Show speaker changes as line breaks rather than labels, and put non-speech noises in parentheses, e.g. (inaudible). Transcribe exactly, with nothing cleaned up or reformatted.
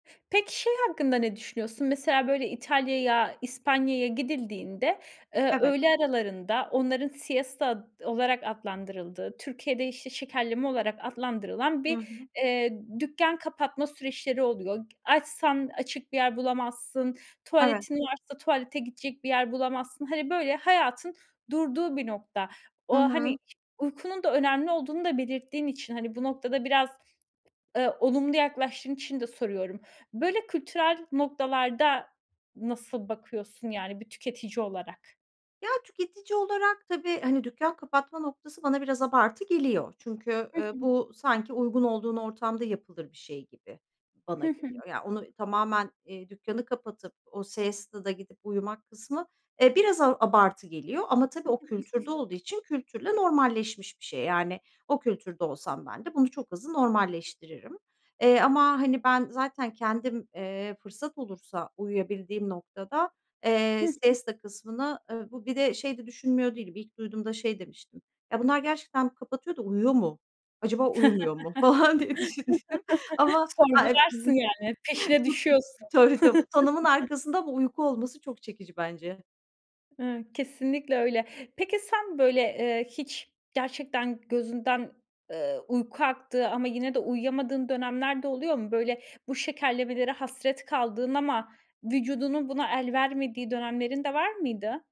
Peki, şey hakkında ne düşünüyorsun? Mesela böyle İtalya'ya, İspanya'ya gidildiğinde, ııı,
Evet.
öğle aralarında onların siesta ad olarak adlandırıldığı, Türkiye'de işte şekerleme olarak adlandırılan
Hı
bir,
hı.
eee, dükkân kapatma süreçleri oluyor. G açsan açık bir yer bulamazsın,
Evet.
tuvaletin varsa tuvalete gidecek bir yer bulamazsın. Hani böyle hayatın durduğu bir nokta.
Hı
O, hani,
hı.
ş uykunun da önemli olduğunu da belirttiğin için, hani, bu noktada biraz, ııı, olumlu yaklaştığın için de soruyorum: Böyle kültürel noktalarda nasıl bakıyorsun, yani, bir tüketici olarak?
Ya, tüketici olarak tabii, hani, dükkân kapatma noktası bana biraz abartı geliyor. Çünkü,
Hı
ııı,
hı.
bu sanki uygun olduğun ortamda yapılır bir şey gibi bana
Hı hı.
geliyor. Ya, onu tamamen, eee, dükkânı kapatıp o seesta'da gidip uyumak kısmı, eee, biraz a abartı geliyor. Ama tabii o kültürde
(chuckles)
olduğu için kültürle normalleşmiş bir şey. Yani, o kültürde olsam ben de bunu çok hızlı normalleştiririm. Eee, ama, hani, ben zaten kendim, eee, fırsat olursa uyuyabildiğim noktada,
Hı
eee,
hı.
siesta kısmını, ııı, bu bir de şey de düşünmüyor değilim. İlk duyduğumda şey demiştim: "Ya bunlar gerçekten kapatıyor da uyuyor mu? Acaba uyumuyor mu?" falan diye düşünmüştüm
(chuckles)
ama
Sorgularsın,
(chuckles)
yani, peşine düşüyorsun.
tabii tabii, bu tanımın
(chuckles)
arkasında bu uyku olması çok çekici bence.
Hı, kesinlikle öyle. Peki sen böyle, eee, hiç gerçekten gözünden, ııı, uyku aktığı ama yine de uyuyamadığın dönemler de oluyor mu? Böyle bu şekerlemelere hasret kaldığın ama vücudunun buna el vermediği dönemlerin de var mıydı?